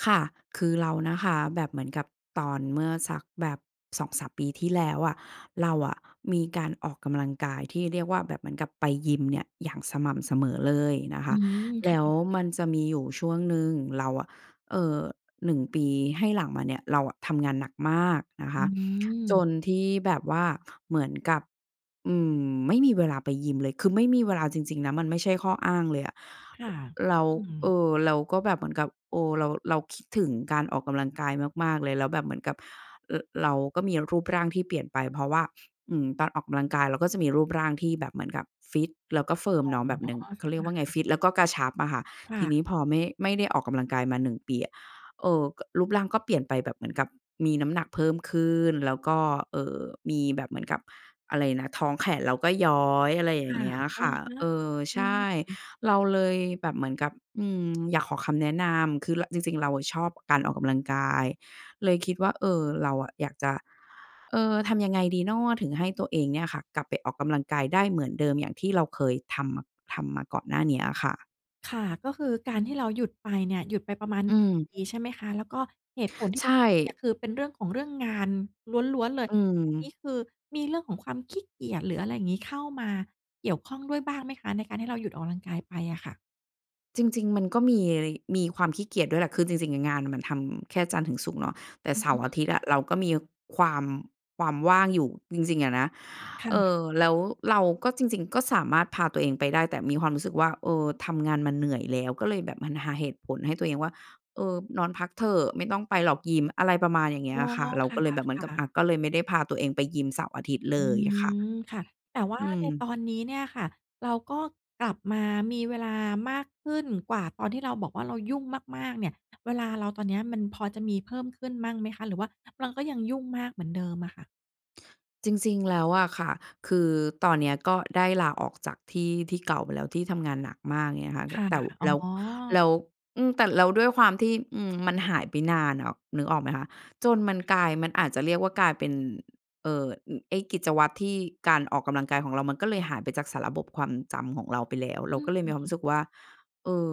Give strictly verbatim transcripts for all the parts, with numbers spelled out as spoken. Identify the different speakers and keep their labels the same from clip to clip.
Speaker 1: ค่ะ คือเรานะคะ แบบเหมือนกับตอนเมื่อสักแบบ สองสาม ปีที่แล้วอะ เราอะมีการออกกำลังกายที่เรียกว่า แบบเหมือนกับไปยิมเนี่ยอย่างสม่ำเสมอเลยนะค
Speaker 2: อื
Speaker 1: ะ
Speaker 2: ม ค
Speaker 1: แล
Speaker 2: ่
Speaker 1: ้ว
Speaker 2: ะ
Speaker 1: มันจะมีอยู่ช่วงหนึ่งเราอะ เอ่อ หนึ่ง ปีให้หลังมาเนี่ย เราอะทำงานหนัก มาก นะค
Speaker 2: อ
Speaker 1: ะ จ
Speaker 2: ืม
Speaker 1: นที่แบบว่าเหมือนกับ อืม ไม่มีเวลาไปยิมเลย คือ ไม่มีเวลาจริง ๆ นะ มันไม่ใช่ข้ออ้างเลยอะ
Speaker 2: ค่ะ
Speaker 1: เรา
Speaker 2: อื
Speaker 1: เอ
Speaker 2: ม
Speaker 1: ่อ เราก็แบบเหมือนกับ เอ่อ เรา เราคิดถึงการออกกำลังกายมาก ๆ เลย แล้วแบบเหมือนกับ ร เราก็มีรูปร่างที่เปลี่ยนไป เพราะว่า อืม ตอนออกกำลังกายเราก็จะมีรูปร่างที่แบบเหมือนกับฟิต แล้วก็
Speaker 2: อ
Speaker 1: Firm
Speaker 2: ๋อ
Speaker 1: เนาะแบบหนึ่ง เขา
Speaker 2: ค
Speaker 1: เรียก
Speaker 2: ่
Speaker 1: ว่าไง
Speaker 2: ะ
Speaker 1: ฟิตแล้วก็กระชับอะค่ะ
Speaker 2: ค่
Speaker 1: ที
Speaker 2: ะ
Speaker 1: นี้พอไม่ ไม่ได้ออกกำลังกายมา หนึ่ง ปีอะ เอ่อ ก็ รูปร่างก็เปลี่ยนไปแบบเหมือนกับมีน้ำหนักเพิ่มขึ้น แล้วก็ เอ่อ มีแบบเหมือนกับ อะไรนะ ท้องแขนแล้วก็ย้อย อะไรอย
Speaker 2: ค
Speaker 1: ่
Speaker 2: ่
Speaker 1: า
Speaker 2: ะ
Speaker 1: งเงี้ย
Speaker 2: อ
Speaker 1: ค
Speaker 2: ะ
Speaker 1: ่ะ
Speaker 2: ฮ
Speaker 1: เ
Speaker 2: ะ
Speaker 1: ออ
Speaker 2: อ
Speaker 1: ใ
Speaker 2: ื
Speaker 1: ช
Speaker 2: ม
Speaker 1: ่ เราเลยแบบเหมือนกับ อืม อยากขอคำแนะนำ คือ ระ จริง ๆ เราอะชอบการออกกำลังกาย เลยคิดว่า เออ เราอะอยากจะ เอ่อ ทำยังไงดีน้อถึงให้ตัวเองเนี่ยค่ะ กลับไปออกกำลังกายได้เหมือนเดิมอย่างที่เราเคยทำมะ ทำมาก่อนหน้าเนี้ยอะค่ะ?
Speaker 2: ค่ะ ก็คือการที่เราหยุดไปเนี่ย หยุดไปประมาณ
Speaker 1: อืม
Speaker 2: ปีใช่ไหมคะ? แล้วก็เหตุผลที
Speaker 1: ใช
Speaker 2: ่ห
Speaker 1: ่
Speaker 2: ยุดไปเนี่ย คือเป็นเรื่องของ เรื่องงานล้วน ๆ เล
Speaker 1: อ
Speaker 2: ย
Speaker 1: ื
Speaker 2: อันนี้
Speaker 1: ม
Speaker 2: คือมีเรื่องของความขี้เกียจ หรืออะไรอย่างงี้ เข้ามาเกี่ยวข้องด้วยบ้างไหมคะ ในการที่เราหยุดออกกำลังกายไปอะค่ะ?
Speaker 1: จริง ๆ มันก็มีอะไร มีความขี้เกียจด้วยแหละ คือจริง ๆ อะงานน่ะมันทำแค่จันทร์ถึงศุกร์เนาะ แต่
Speaker 2: อื
Speaker 1: เส
Speaker 2: อ
Speaker 1: า
Speaker 2: ฮ
Speaker 1: ร์อา
Speaker 2: ึ
Speaker 1: ทิตย์อะเราก็มีความ ความว่างอยู่จริง ๆ อะนะ
Speaker 2: ค่
Speaker 1: เอ่อ
Speaker 2: ะ
Speaker 1: แล้วเราก็ จริง ๆ ก็สามารถพาตัวเองไปได้ แต่มีความรู้สึกว่า เออ ทำงานมาเหนื่อยแล้ว ก็เลยแบบมันหาเหตุผลให้ตัวเองว่า "เออ นอนพักเถอะ ไม่ต้องไปหรอกยิม" อะไรประมาณอย่างง
Speaker 2: อ
Speaker 1: ี้
Speaker 2: ๋อ
Speaker 1: อะค่ะ เรา
Speaker 2: ค
Speaker 1: ก็เลยแบบเหมือน
Speaker 2: ่
Speaker 1: ก
Speaker 2: ะ
Speaker 1: ับ อ
Speaker 2: ๆ
Speaker 1: ะ ก็เลยไม่ได้พาตัวเองไปยิมเสาร์อาทิตย์เ
Speaker 2: อ
Speaker 1: ล
Speaker 2: ื
Speaker 1: ยค่ะ
Speaker 2: ม ค่ะ แต่ว่
Speaker 1: อ
Speaker 2: า
Speaker 1: ื
Speaker 2: ในต
Speaker 1: ม
Speaker 2: อนนี้เนี่ยค่ะ เราก็กลับมามีเวลามากขึ้นกว่าตอนที่เราบอกว่าเรายุ่งมาก ๆ เนี่ย เวลาเราตอนเนี้ยมันพอจะมีเพิ่มขึ้นบ้างไหมคะ หรือว่าเราก็ยังยุ่งมากเหมือนเดิมอะค่ะ?
Speaker 1: จริง ๆ แล้วอะค่ะ คือตอนเนี้ยก็ได้ลาออกจากที่ ที่เก่าไปแล้ว ที่ทำงานหนักมากเนี่ยค่ะ ต
Speaker 2: ค่ะ
Speaker 1: แต่ว
Speaker 2: อ๋
Speaker 1: แ
Speaker 2: อ
Speaker 1: ล้ว แล้ว อืม แต่แล้วด้วยความที่ อืม มันหายไปนานอะนึกออกไหมคะ? จนมันกลาย มันอาจจะเรียกว่ากลายเป็น เอ่อ อ ไอ้กิจวัตรที่ การออกกำลังกายของเรามันก็เลยหายไปจากสารบบความจำของเราไปแล้ว เร
Speaker 2: อ
Speaker 1: า
Speaker 2: ื
Speaker 1: ก็เลยมีความรู
Speaker 2: ม
Speaker 1: ้สึกว่า เออ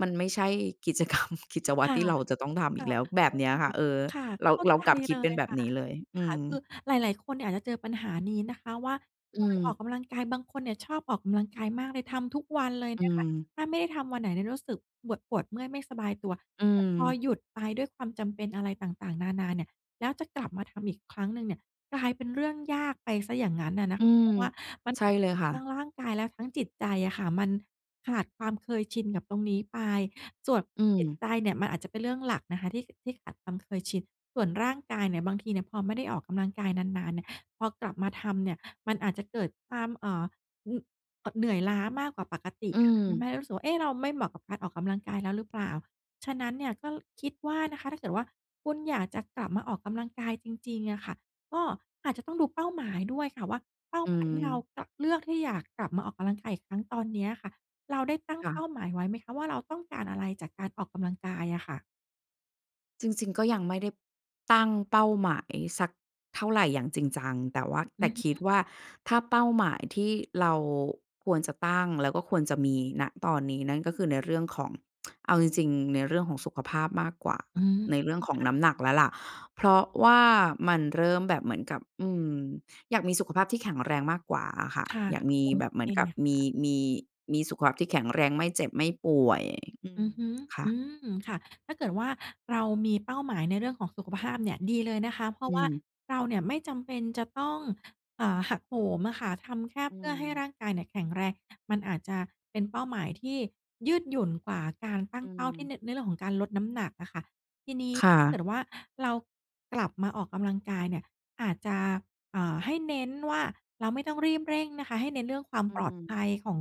Speaker 1: มันไม่ใช่กิจ กรรม กิจวั
Speaker 2: ค
Speaker 1: ตร
Speaker 2: ่ะ
Speaker 1: ที่เราจะต้องทำ
Speaker 2: ค
Speaker 1: อี
Speaker 2: ่
Speaker 1: ก
Speaker 2: ะ
Speaker 1: แล้ว แบบ
Speaker 2: ก็
Speaker 1: เนี้
Speaker 2: ค
Speaker 1: ย
Speaker 2: ื
Speaker 1: ค
Speaker 2: อ
Speaker 1: ่ะ เออ
Speaker 2: ค่ะ
Speaker 1: เรา
Speaker 2: เข้า
Speaker 1: เรา
Speaker 2: ใจ
Speaker 1: กลับคิ
Speaker 2: เ
Speaker 1: ด
Speaker 2: ล
Speaker 1: เป็น
Speaker 2: ย
Speaker 1: แบบ
Speaker 2: ค่ะ
Speaker 1: นี้เลย อ
Speaker 2: ค
Speaker 1: ื
Speaker 2: ่ะ
Speaker 1: ม
Speaker 2: คือหลาย ๆ คนเนี่ยอาจจะเจอปัญหานี้นะคะว่า
Speaker 1: อ
Speaker 2: เค
Speaker 1: ื
Speaker 2: ยออก
Speaker 1: ม
Speaker 2: กำลังกาย บางคนเนี่ยชอบออกกำลังกายมากเลย ทำทุกวันเลย
Speaker 1: อื
Speaker 2: นะคะ
Speaker 1: ม
Speaker 2: ถ้าไม่ได้ทำวันไหนเนี่ยรู้สึกปวด ปวดเมื่อยไม่สบายตัว
Speaker 1: อื
Speaker 2: แต่พอ
Speaker 1: ม
Speaker 2: หยุดไปด้วยความจำเป็นอะไรต่าง ๆ นานาเนี่ย แล้วจะกลับมาทำอีกครั้งหนึ่งเนี่ย กลายเป็นเรื่องยากไปเสียอย่างงั้นอะน
Speaker 1: อ
Speaker 2: ะ
Speaker 1: ื
Speaker 2: คะ เ
Speaker 1: ม
Speaker 2: พราะว่ามัน
Speaker 1: ใช่
Speaker 2: อาจ
Speaker 1: เ
Speaker 2: จ
Speaker 1: ล
Speaker 2: ะ
Speaker 1: ยค่ะ
Speaker 2: ทั้งร่างกายและทั้งจิตใจอะค่ะ มันขาดความเคยชินกับตรงนี้ไป ส่วน
Speaker 1: อื
Speaker 2: จิต
Speaker 1: ม
Speaker 2: ใจเนี่ยมันอาจจะเป็นเรื่องหลักนะคะที่ ที่ขาดความเคยชิน ส่วนร่างกายเนี่ย บางทีเนี่ยพอไม่ได้ออกกำลังกายนาน ๆ เนี่ย พอกลับมาทำเนี่ยมันอาจจะเกิดความ เอ่อ อือ เอ่อ เหนื่อยล้ามากกว่าปกติ
Speaker 1: อื
Speaker 2: ทำให
Speaker 1: ม
Speaker 2: ้รู้สึกว่า เอ๊ะ เราไม่เหมาะกับการออกกำลังกายแล้วหรือเปล่า? ฉะนั้นเนี่ยก็ ล คิดว่านะคะ ถ้าเกิดว่าคุณอยากจะกลับมาออกกำลังกายจริง ๆ อะค่ะ ก็อาจจะต้องดูเป้าหมายด้วยค่ะว่า เป้า
Speaker 1: อื
Speaker 2: หมายที่เรา
Speaker 1: ม
Speaker 2: ล เลือกที่อยากกลับมาออกกำลังกายอีกครั้งตอนเนี้ยค่ะ เราได้ตั้ง
Speaker 1: ค่
Speaker 2: เป
Speaker 1: ะ
Speaker 2: ้าหมายไว้ไหมคะว่า เราต้องการอะไรจากการออกกำลังกายอะค่ะ?
Speaker 1: จริง ๆ ก็ยังไม่ได้ ตั้งเป้าหมายสักเท่าไรอย่างจริงจัง แต่ว่า แ
Speaker 2: อ
Speaker 1: ต
Speaker 2: ื
Speaker 1: ่
Speaker 2: อฮ
Speaker 1: คิด
Speaker 2: ึ
Speaker 1: ว่า ถ้าเป้าหมายที่เราควรจะตั้ง แล้วก็ควรจะมี ณ ตอนนี้ นั่นก็คือในเรื่องของ เอาจริง ๆ ในเรื่องของสุขภาพมากกว่า
Speaker 2: อืม
Speaker 1: ใน
Speaker 2: ค
Speaker 1: เรื่องของน้
Speaker 2: ่
Speaker 1: ำหน
Speaker 2: ะ
Speaker 1: ักแล้วล่ะ เพราะว่ามันเริ่มแบบเหมือนกับ อืม อยากมีสุขภาพที่แข็งแรงมากกว่าอะค่ะ
Speaker 2: ค่ะ
Speaker 1: อยากมี
Speaker 2: โอ
Speaker 1: แบบเ
Speaker 2: เ
Speaker 1: หม
Speaker 2: ค
Speaker 1: ือนกับม
Speaker 2: ค
Speaker 1: ี
Speaker 2: ่ะ
Speaker 1: มี มีสุขภาพที่แข็งแรง ไม่เจ็บ ไม่ป่วย อื
Speaker 2: อ
Speaker 1: ม
Speaker 2: ือฮึ
Speaker 1: ค่
Speaker 2: อ
Speaker 1: ะ
Speaker 2: ืม ค่ะ ถ้าเกิดว่าเรามีเป้าหมายในเรื่องของสุขภาพเนี่ย ดีเลยนะคะ เพรา
Speaker 1: อื
Speaker 2: ะว่า
Speaker 1: ม
Speaker 2: เราเนี่ยไม่จำเป็นจะต้อง อ่า หักโหมอะค่ะ ทำแค่
Speaker 1: อื
Speaker 2: เพื่อให้
Speaker 1: ม
Speaker 2: ร่างกายเนี่ยแข็งแรง มันอาจจะเป็นเป้าหมายที่ยืดหยุ่นกว่า การตั้
Speaker 1: อื
Speaker 2: งเป้าที่
Speaker 1: ม
Speaker 2: ใน ในเรื่องของการลดน้ำหนักอะค่ะ ทีนี้
Speaker 1: ค่
Speaker 2: ถ้าเก
Speaker 1: ะ
Speaker 2: ิดว่า เรากลับมาออกกำลังกายเนี่ย อาจจะ เอ่อ ให้เน้นว่า เราไม่ต้องรีบเร่งนะคะ ให้เน้นเรื่องความ
Speaker 1: อื
Speaker 2: ปลอดภ
Speaker 1: ม
Speaker 2: ัยของ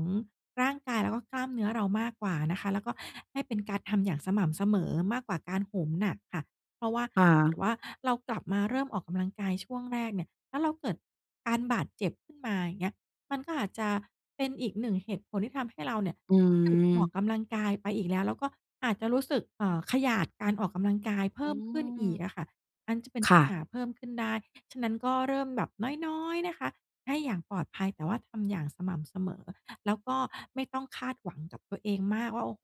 Speaker 2: ร่างกาย แล้วก็กล้ามเนื้อเรามากกว่านะคะ แล้วก็ให้เป็นการทำอย่างสม่ำเสมอ มากกว่าการโหมหนักค่ะ เพราะว่า
Speaker 1: ค่
Speaker 2: เกิด
Speaker 1: ะ
Speaker 2: ว่าเรากลับมาเริ่มออกกำลังกายช่วงแรกเนี่ย แล้วเราเกิดการบาดเจ็บขึ้นมา อย่างเงี้ย มันก็อาจจะเป็นอีก หนึ่ง เหตุผลที่ทำให้เราเนี่ย
Speaker 1: อื
Speaker 2: ออ
Speaker 1: ม
Speaker 2: กกำลังกายไปอีกแล้ว แล้วก็อาจจะรู้สึก เอ่อ ขยาดการออกกำลังกายเพ
Speaker 1: อื
Speaker 2: ิ่มขึ้น
Speaker 1: ม
Speaker 2: อีกอะค่ะ มันจะเป็น
Speaker 1: ค
Speaker 2: ป
Speaker 1: ่
Speaker 2: ัญห
Speaker 1: ะ
Speaker 2: าเพิ่มขึ้นได้ พ ฉะนั้นก็เริ่มแบบน้อย ๆ นะคะ ให้อย่างปลอดภัย แต่ว่าทำอย่างสม่ำเสมอ แล้วก็ไม่ต้องคาดหวังกับตัวเองมากว่า โอ้โฮ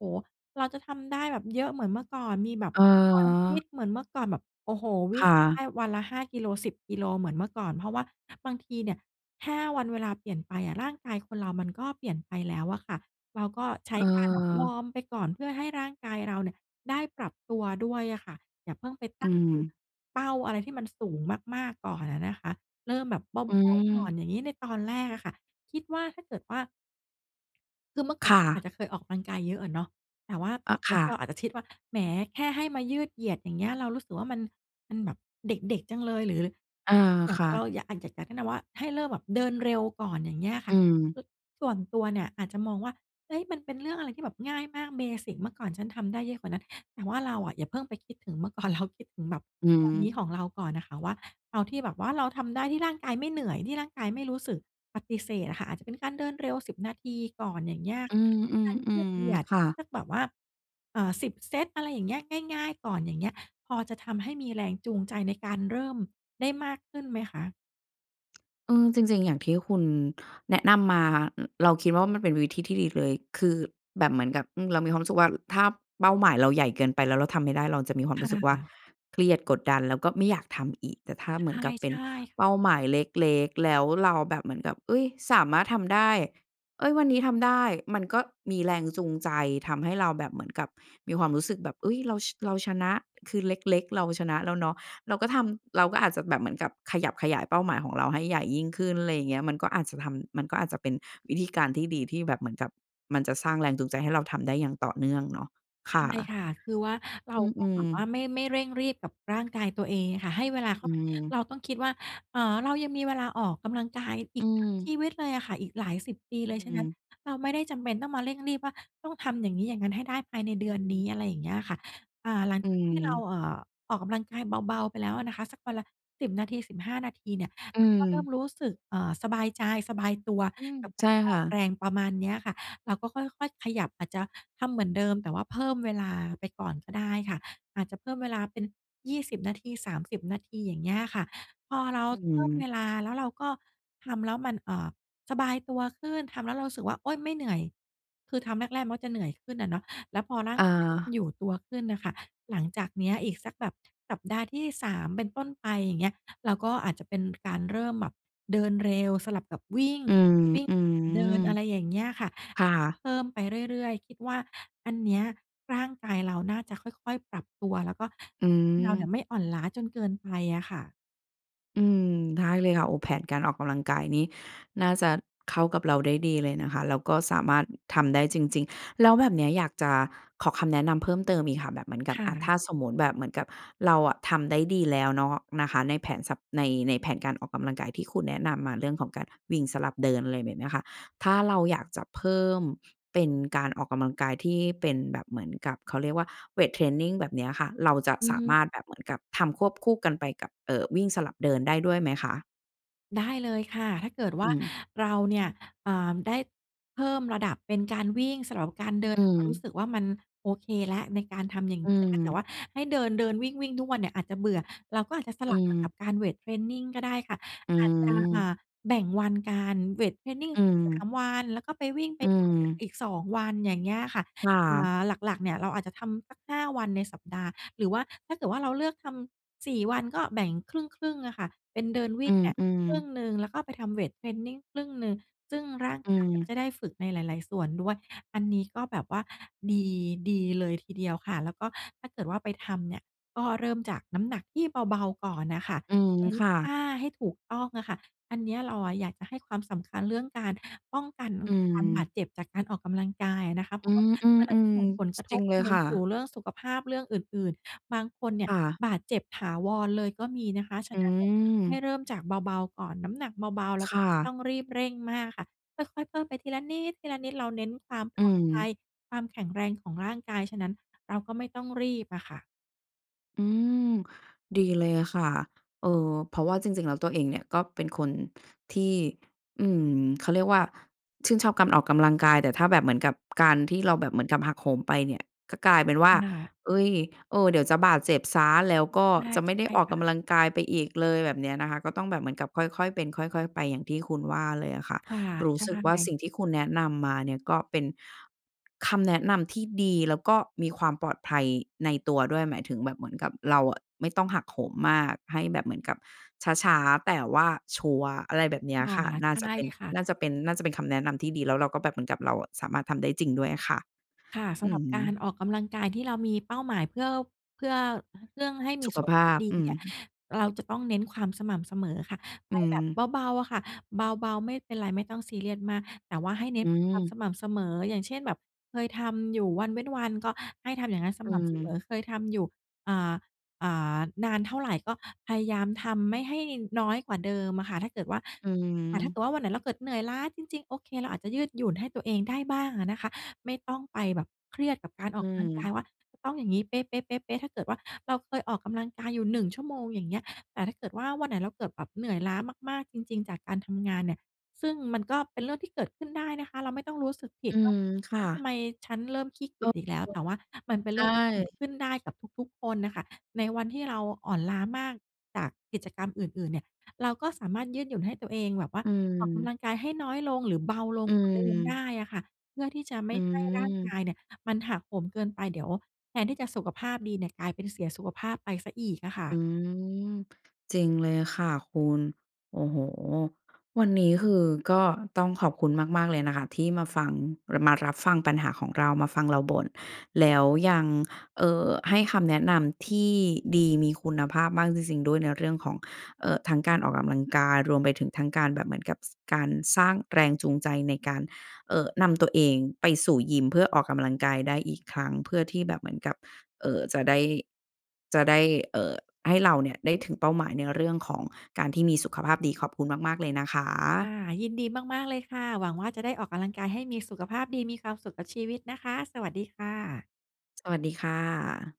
Speaker 2: เราจะทำได้แบบเยอะเหมือนเมื่อก่อน มีแบบความฟิ
Speaker 1: เออ
Speaker 2: ตเหมือนเมื่อก่อนแบบ โอ้โฮ ว
Speaker 1: ค
Speaker 2: ิ่ง
Speaker 1: ่
Speaker 2: ได
Speaker 1: ะ
Speaker 2: ้วันละ ห้า กิโล สิบ กิโลเหมือนเมื่อก่อน เพราะว่าบางทีเนี่ย แค่วันเวลาเปลี่ยนไปอะ ร่างกายคนเรามันก็เปลี่ยนไปแล้วอะค่ะ เราก็ใช้
Speaker 1: เ
Speaker 2: การแบบว
Speaker 1: ออ
Speaker 2: อร์มไปก่อน เพื่อให้ร่างกายเราเนี่ยได้ปรับตัวด้วยอะค่ะ อย่าเพิ่งไป
Speaker 1: อ
Speaker 2: ต
Speaker 1: ื
Speaker 2: ั้ง
Speaker 1: ม
Speaker 2: เป้าอะไรที่มันสูงมาก ๆ ก่อนอะนะคะ เริ่มแบบเ
Speaker 1: อ
Speaker 2: บา ๆ ก่
Speaker 1: ื
Speaker 2: อ
Speaker 1: ม
Speaker 2: น อย่างงี้ ในตอนแรกอะค่ะ คิดว่าถ้าเกิดว่า คือเมื่อก่
Speaker 1: ค
Speaker 2: อน
Speaker 1: ่
Speaker 2: เรา
Speaker 1: ะ
Speaker 2: อาจจะเคยออกกำลังกายเยอะอะเนาะ แต่ว่า
Speaker 1: อ
Speaker 2: ต
Speaker 1: ะ
Speaker 2: อนน
Speaker 1: ค
Speaker 2: ี้
Speaker 1: ่
Speaker 2: เร
Speaker 1: ะ
Speaker 2: าอาจจะคิดว่า แหม แค่ให้มายืดเหยียดอย่างเงี้ย เรารู้สึกว่ามัน มันแบบ เด็ก ๆ จังเลย หรือ
Speaker 1: เออ
Speaker 2: อยาก
Speaker 1: ค
Speaker 2: เอ
Speaker 1: ่
Speaker 2: อ เรา
Speaker 1: ะ
Speaker 2: อยาก อะ อยาก อยากแนะนำว่า ให้เริ่มแบบเดินเร็วก่อน อย่างเงี้ยอะค
Speaker 1: อ
Speaker 2: ่
Speaker 1: ื
Speaker 2: ะ
Speaker 1: ม
Speaker 2: คือส่วนตัวเนี่ยอาจจะมองว่า "เฮ้ย มันเป็นเรื่องอะไรที่แบบง่ายมาก เบสิก เมื่อก่อนฉันทำได้เยอะกว่านั้น" แต่ว่าเราอะอย่าเพิ่งไปคิดถึงเมื่อ ก่อน เราคิดถึงแบบ
Speaker 1: อื
Speaker 2: ตอนน
Speaker 1: ม
Speaker 2: ี้ของเราก่อนอะค่ะว่า เอาที่แบบว่าเราทำได้ที่ร่างกายไม่เหนื่อย ที่ร่างกายไม่รู้สึกปฏิเสธอะค่ะ อาจจะเป็นการเดินเร็ว สิบ นาทีก่อน อย่างเงี้ย
Speaker 1: อื
Speaker 2: การยืด
Speaker 1: ม
Speaker 2: เหยี
Speaker 1: ๆ
Speaker 2: ยด
Speaker 1: ๆ ค่ะ
Speaker 2: สักแบบว่า อ่า สิบ เซต อะไรอย่างเงี้ย ง่าย ๆ ก่อน อย่างเงี้ย พอจะทำให้มีแรงจูงใจในการเริ่มได้มากขึ้นไหมคะ?
Speaker 1: เออ จริง ๆ อย่างที่คุณแนะนำมา ร เราคิดว่ามันเป็นวิธีที่ดีเลย คือแบบเหมือนกับ อืม เรามีความรู้สึกว่า ถ้าเป้าหมายเราใหญ่เกินไปแล้วเราทำไม่ได้ เราจะมีความ
Speaker 2: ค
Speaker 1: รู้สึกว่า
Speaker 2: ่ะ
Speaker 1: เครียด กดดัน แล้วก็ไม่อยากทำอีก แต่ถ้าเหมือนกับเป
Speaker 2: ใ
Speaker 1: ็น
Speaker 2: ช่ ๆ
Speaker 1: เป้าหมายเล็ก ๆ แล้วเราแบบเหมือนกับ อุ๊ย! สามารถทำได้ เอ๊ย! วันนี้ทำได้ มันก็มีแรงจูงใจ ทำให้เราแบบเหมือนกับ มีความรู้สึกแบบ เฮ๊ย! เรา ช เราชนะ คือเล็ก ๆ เราชนะแล้วเนาะ เราก็ทำ เราก็อาจจะแบบเหมือนกับขยับขยายเป้าหมายของเราให้ใหญ่ยิ่งขึ้น อะไรอย่างนี้ มันก็อาจจะทำ มันก็อาจจะเป็นวิธีการที่ดี ที่แบบเหมือนกับมันจะสร้างแรงจูงใจให้เราทำได้อย่างต่อเนื่องเนาะ ค
Speaker 2: ใช
Speaker 1: ่ะ
Speaker 2: ่ค่ะ คือว่าเร
Speaker 1: อ
Speaker 2: า
Speaker 1: ื
Speaker 2: ก็แ
Speaker 1: ม
Speaker 2: บบว่า
Speaker 1: ๆ
Speaker 2: ไม่ ไม่เร่งรีบกับร่างกายตัวเองอะค่ะ ให้เวลาเข
Speaker 1: อ
Speaker 2: ้
Speaker 1: ื
Speaker 2: าไป
Speaker 1: ม
Speaker 2: เราต้องคิดว่า เออ เรายังมีเวลาออกกำลังกายอ
Speaker 1: อ
Speaker 2: ี
Speaker 1: ื
Speaker 2: กทั้งช
Speaker 1: ม
Speaker 2: ีวิตเลยอะค่ะ อีกหลายสิบปี
Speaker 1: อื
Speaker 2: เลย ฉะนั้น
Speaker 1: ม
Speaker 2: เราไม่ได้จำเป็นต้องมาเร่งรีบว่า ต้องทำอย่างนี้อย่างนั้นให้ได้ภายในเ
Speaker 1: อ
Speaker 2: ดื
Speaker 1: ื
Speaker 2: อนนี
Speaker 1: ม
Speaker 2: ้ อะไรอย่างนี้อะค่ะ อา หลัง
Speaker 1: อื
Speaker 2: จากที่เรา
Speaker 1: ม
Speaker 2: เอ่อ ออกกำลังกายเบา ๆ ไปแล้วอะนะคะ สักวันละ สิบ นาที สิบห้า นาทีเนี่ย
Speaker 1: อื
Speaker 2: เราก็เริ่
Speaker 1: ม
Speaker 2: มรู้สึก เอ่อ สบายใจ สบายตัว
Speaker 1: อืม
Speaker 2: กับก
Speaker 1: ใช
Speaker 2: า
Speaker 1: ่
Speaker 2: รอ
Speaker 1: ค
Speaker 2: อ
Speaker 1: ่
Speaker 2: ก
Speaker 1: ะ
Speaker 2: แรงประมาณนี้อะค่ะ เราก็ค่อย ๆ ขยับ อาจจะทำเหมือนเดิม แต่เพิ่มเวลาไปก่อนก็ได้ค่ะ อาจจะเพิ่มเวลาเป็น ยี่สิบ นาที สามสิบ นาที อย่างงี้อะค่ะ พอเรา
Speaker 1: อื
Speaker 2: เพิ่มเ
Speaker 1: ม
Speaker 2: วลา แล้วเราก็ ทำแล้วมัน เอ่อ สบายตัวขึ้น ทำแล้วเรารู้สึกว่า โอ๊ย ไม่เหนื่อย คือทำแรก ๆ มันจะเหนื่อยขึ้นอะเนาะ แล้วพอร่า
Speaker 1: อ
Speaker 2: งกายเริ่ม
Speaker 1: า
Speaker 2: อยู่ตัวขึ้นน่ะค่ะ หลังจากเนี้ยอีกสักแบบ สัปดาห์ที่ สาม เป็นต้นไป อย่างเงี้ย เราก็อาจจะเป็นการเริ่มแบบเดินเร็วสลับกับวิ่ง
Speaker 1: อืม
Speaker 2: วิ่ง
Speaker 1: อื
Speaker 2: สลั
Speaker 1: ม
Speaker 2: บเดิน อะไรอย่างเงี้ยค่ะ
Speaker 1: ค่
Speaker 2: ก็
Speaker 1: ะ
Speaker 2: เพิ่มไปเรื่อย ๆ คิดว่าอันเนี้ย ร่างกายเราน่าจะค่อย ๆ ปรับตัว แล้วก็
Speaker 1: อื
Speaker 2: เราเนี่
Speaker 1: ม
Speaker 2: ยไม่อ่อนล้าจนเกินไปอะค่ะ
Speaker 1: อืม ได้เลยค่ะ โอ้ แผนการออกกำลังกายนี้น่าจะเข้ากับเราได้ดี เลยนะคะ แล้วก็สามารถทำได้จริง ๆ แล้วแบบเนี้ยอยากจะขอคำแนะนำเพิ่มเติมอีกค่ะ แบบเหมือนกับ
Speaker 2: ค่
Speaker 1: อะ
Speaker 2: ะ
Speaker 1: ถ้าสมมุติแบบเหมือนกับเราอะทำได้ดีแล้วเนาะ นะคะ ในแผนสับ ใน ในแผนการออกกำลังกายที่คุณแนะนำมาเรื่องของการวิ่งสลับเดิน อะไรแบบเนี้ยค่ะ ถ้าเราอยากจะ เพิ่มเป็นการออกกำลังกายที่เป็นแบบเหมือนกับ เขาเรียกว่า เวตเทรนนิง แบบเนี้ยค่ะ เราจะ
Speaker 2: อื
Speaker 1: ส
Speaker 2: อ
Speaker 1: า
Speaker 2: ฮ
Speaker 1: ม
Speaker 2: ึ
Speaker 1: ารถแบบ เหมือนกับทำควบคู่กันไปกับ เอ่อ วิ่งสลับเดินได้ด้วยไหมคะ?
Speaker 2: ได้เลยค่ะ ถ้าเกิดว
Speaker 1: อื
Speaker 2: ่า
Speaker 1: ม
Speaker 2: เราเนี่ย อ่า ได้เพิ่มระดับเป็นการวิ่งสลับกับการเดิ
Speaker 1: อ
Speaker 2: น
Speaker 1: ื
Speaker 2: แล้วเรารู้
Speaker 1: ม
Speaker 2: สึกว่า มันโอเคแล้วในการทำอย่าง
Speaker 1: อื
Speaker 2: งี้ แต่ว่า
Speaker 1: ม
Speaker 2: ให้เดิน ๆ วิ่ง ๆ ทุกวันเนี่ยอาจจะเบื่อ เราก็อาจจะส
Speaker 1: อื
Speaker 2: ลับ
Speaker 1: ม
Speaker 2: กับการเวตเทรนนิงก็ได้ค่ะ
Speaker 1: อื
Speaker 2: อาจจะ อ่
Speaker 1: ม
Speaker 2: า แบ่งวันกัน เวตเทรนนิง
Speaker 1: อื
Speaker 2: สัก สา
Speaker 1: ม
Speaker 2: ม วัน แล้วก็ไปวิ่งไ
Speaker 1: อ
Speaker 2: ป
Speaker 1: ื
Speaker 2: เดินเนี่ย
Speaker 1: ม
Speaker 2: อีก สอง วัน อย่างเงี้ยค่ะ
Speaker 1: ค่
Speaker 2: อ่
Speaker 1: ะ
Speaker 2: า หลัก ๆ เนี่ยเราอาจจะทำสัก ห้า วันในสัปดาห์ หรือว่า ถ้าเกิดว่า เราเลือกทำสี่วัน ก็แบ่งครึ่ง ๆ อะค่ะ เป็นเดินว
Speaker 1: อ
Speaker 2: ิ
Speaker 1: ื
Speaker 2: ่งอะ
Speaker 1: ม
Speaker 2: ครึ่
Speaker 1: ๆ
Speaker 2: งหนึ่งแล้วก็ไปทำเวตเทรนนิงครึ่งหนึ่ง ซึ่งร่าง
Speaker 1: อื
Speaker 2: กายก็
Speaker 1: ม
Speaker 2: จะได้ฝึกในหลาย ๆ ส่วนด้วย อันนี้ก็แบบว่า ดี ดีเลยทีเดียวค่ะ แล้วก็ถ้าเกิดว่า ไปทำเนี่ยก็เริ่มจากน้ำหนักที่เบา ๆ ก่อนน่ะค่ะ
Speaker 1: อืม
Speaker 2: เน้น
Speaker 1: ค่
Speaker 2: ท
Speaker 1: ะ
Speaker 2: ่าให้ถูกต้องอะค่ะ อันเนี้ยเราอะอยากจะให้ความสำคัญเรื่องการป้องกันอ
Speaker 1: อ
Speaker 2: า
Speaker 1: ื
Speaker 2: การบา
Speaker 1: ม
Speaker 2: ดเจ็บจากการออกกำลังกายอะนะคะ เ
Speaker 1: อ
Speaker 2: พ
Speaker 1: ื
Speaker 2: ราะว่า
Speaker 1: ม อื
Speaker 2: มันอาจจะ
Speaker 1: ม
Speaker 2: ส่งผล
Speaker 1: ๆ
Speaker 2: ก
Speaker 1: ส
Speaker 2: ระ
Speaker 1: จ
Speaker 2: ท
Speaker 1: ริ
Speaker 2: บ
Speaker 1: งเลย
Speaker 2: ไป
Speaker 1: ค่
Speaker 2: สู่
Speaker 1: ะ
Speaker 2: เรื่องสุขภาพ เรื่องอื่น ๆ บางคนเนี่ย
Speaker 1: ค่ะ
Speaker 2: บาดเจ็บถาวรเลยก็มีนะคะ ฉ
Speaker 1: อื
Speaker 2: ะนั้นเนี่ย ให้
Speaker 1: ม
Speaker 2: เริ่มจากเบา ๆ ก่อน น้ำหนักเบา ๆ แล
Speaker 1: ค
Speaker 2: ้วก็
Speaker 1: ่
Speaker 2: ไม่
Speaker 1: ะ
Speaker 2: ต้องรีบเร่งมากค่ะ ค่อย ๆ เพิ่มไปทีละนิด ทีละนิด เราเน้นความ
Speaker 1: อ
Speaker 2: ป
Speaker 1: ื
Speaker 2: ลอดภั
Speaker 1: ม
Speaker 2: ย ความแข็งแรงของร่างกาย ฉะนั้นเราก็ไม่ต้องรีบอะค่ะ
Speaker 1: อืม ดีเลยอะค่ะ เออ เพราะว่าจริง ๆ แล้ว ตัวเองเนี่ยก็เป็นคนที่ อืม เขาเรียกว่า ชื่นชอบกำออกกำลังกาย แต่ถ้าแบบเหมือนกับ การที่เราแบบเหมือนกับหักโหมไปเนี่ย ก็กลายเป็นว่า
Speaker 2: น่า
Speaker 1: เฮ้ย! เออ เดี๋ยวจะบาดเจ็บเสีย แล้วก็
Speaker 2: ใช่
Speaker 1: จะไม่ไ
Speaker 2: ใ
Speaker 1: ด
Speaker 2: ช
Speaker 1: ้
Speaker 2: ่
Speaker 1: ออก
Speaker 2: ค
Speaker 1: ก
Speaker 2: ่ะ
Speaker 1: ำลังกายไปอีกเลย แบบเนี้ยนะคะ ก็ต้องแบบเหมือนกับค่อย ๆ เป็นค่อย ๆ ไปอย่างที่คุณว่าเลยอะค่ะ
Speaker 2: ค่
Speaker 1: รู้สึกว่า
Speaker 2: ะ
Speaker 1: สิ่งที่คุณแนะนำมาเนี่ยก็เป็น คำแนะนำที่ดี แล้วก็มีความปลอดภัยในตัวด้วย หมายถึงแบบเหมือนกับเราอะไม่ต้องหักโหมมาก ให้แบบเหมือนกับช้า ๆ แต่ว่าชัวร์ อะไรแบบเนี้ย
Speaker 2: ค่ะ
Speaker 1: ค่ะ น่า
Speaker 2: ใช
Speaker 1: จะ
Speaker 2: ่
Speaker 1: เป็น
Speaker 2: ค่ะ
Speaker 1: น่าจะเป็น น่าจะเป็นคำแนะนำที่ดี แล้วเราก็แบบเหมือนกับเราอะสามารถทำได้จริงด้วยอะค่ะ
Speaker 2: ค่ะ ส
Speaker 1: อ
Speaker 2: ำ
Speaker 1: ื
Speaker 2: หร
Speaker 1: อ
Speaker 2: ับ
Speaker 1: ฮ
Speaker 2: การ
Speaker 1: ึ
Speaker 2: ออกกำลังกายที่เรามีเป้าหมายเพื่อ เพื่อ เรื่องให้ม
Speaker 1: ส
Speaker 2: ี
Speaker 1: ุข
Speaker 2: สุข
Speaker 1: ภ
Speaker 2: ภา
Speaker 1: า
Speaker 2: พ
Speaker 1: พ
Speaker 2: ดี
Speaker 1: อือ
Speaker 2: เนี่ย
Speaker 1: ฮึ
Speaker 2: เราจะต้องเน้นความสม่ำเสมอค่ะ ไ
Speaker 1: อ
Speaker 2: ป
Speaker 1: ื
Speaker 2: แ
Speaker 1: ม
Speaker 2: บบเบา ๆ อะค่ะ เบา ๆ ไม่เป็นไรไม่ต้องซีเรียสมาก แต่ว่าให้เน
Speaker 1: อ
Speaker 2: ้
Speaker 1: ื
Speaker 2: นความส
Speaker 1: ม
Speaker 2: ม่ำเสมอ อย่างเช่น แบบเคยทำอยู่วันเว้นวัน ก็ให้ทำอย่างงั้นส
Speaker 1: อื
Speaker 2: ม่ำเสม
Speaker 1: ม
Speaker 2: อ เคยทำอยู่ อ่า อ่า นานเท่าไร ก็พยายามทำไม่ให้น้อยกว่าเดิมอะค่ะ ถ้าเกิดว่า
Speaker 1: อือฮ
Speaker 2: อ่า ถ้าเ
Speaker 1: ึ
Speaker 2: กิดว่าวันไหนเราเกิดเหนื่อยล้าจริง ๆ โอเค เราอาจจะยืดหยุ่นให้ตัวเองได้บ้างอะนะคะ ไม่ต้องไปแบบเครียดกับการอ
Speaker 1: อื
Speaker 2: อกกำลังกาย
Speaker 1: ม
Speaker 2: ว่า ต้องอย่างงี้เปะ ๆ ๆ ๆ ถ้าเกิดว่าเราเคยออกกำลังกายอยู่ หนึ่ง ชั่วโมง อย่างเงี้ย แต่ถ้าเกิดว่าวันไหนเราเกิดแบบเหนื่อยล้ามาก ๆ จริง ๆ จากการทำงานเนี่ย ซึ่งมันก็เป็นเรื่องที่เกิดขึ้นได้นะคะ เราไม่ต้องรู้สึกผิ
Speaker 1: อ
Speaker 2: ด
Speaker 1: ื
Speaker 2: ว่า
Speaker 1: ม ค
Speaker 2: "เฮ
Speaker 1: ่
Speaker 2: ้ย! ทำ
Speaker 1: ะ
Speaker 2: ไมฉันเริ่มขี้เก
Speaker 1: เอ
Speaker 2: ี
Speaker 1: อ
Speaker 2: ยจอีกแล้ว" แต่ว่ามันเป็น
Speaker 1: ๆ ใช
Speaker 2: เรื่องเกิด
Speaker 1: ่
Speaker 2: ขึ้นได้กับทุก ๆ คนน่ะค่ะ ในวันที่เราอ่อนล้ามากจากกิจกรรมอื่น ๆ เนี่ย เราก็สามารถยืดหยุ่นให้ตัวเองแบบว่า
Speaker 1: อื
Speaker 2: ออกกำ
Speaker 1: ม
Speaker 2: ลังกายให้น้อยลง หรือเบาล
Speaker 1: อ
Speaker 2: ง
Speaker 1: ื
Speaker 2: กว่าเดิมได
Speaker 1: ม
Speaker 2: ้อะค่ะ เพื่อที่จะไม
Speaker 1: อื
Speaker 2: ่ให้ร่างก
Speaker 1: ม
Speaker 2: ายเนี่ยมันหักโหมเกินไป เดี๋ยวแทนที่จะสุขภาพดีเนี่ย กลายเป็นเสียสุขภาพไปเสียอีกอะค่
Speaker 1: อ
Speaker 2: ะ
Speaker 1: ืม จริงเลยอะค่ะคุณ โอ้โฮ! วันนี้คือก็ต้องขอบคุณมาก ๆ เลยนะคะที่มาฟัง เลอมารับฟังปัญหาของเรา มาฟังเราบ่น แล้วยัง เอ่อ ให้คำแนะนำที่ดีมีคุณภาพมากจริง ๆ ด้วยในเรื่องของ เอ่อ ทั้งการออกกำลังกายรวมไปถึงทั้งการแบบเหมือนกับ ส การสร้างแรงจูงใจในการ เอ่อ นำตัวเองไปสู่ยิมเพื่อออกกำลังกายได้อีกครั้ง เพื่อที่แบบเหมือนกับ เอ่อ จะได้ จะได้ เอ่อ ให้เราเนี่ยได้ถึงเป้าหมายในเรื่องของการที่มีสุขภาพดี ขอบคุณมาก ๆ เลยนะค
Speaker 2: ค
Speaker 1: ะ
Speaker 2: ่ะ ยินดีมาก ๆ เลยค่ะ หวังว่าจะได้ออกกำลังกายให้มีสุขภาพดี มีความสุขกับชีวิตนะคะ สวัสดีค่ะ
Speaker 1: สวัสดีค่ะ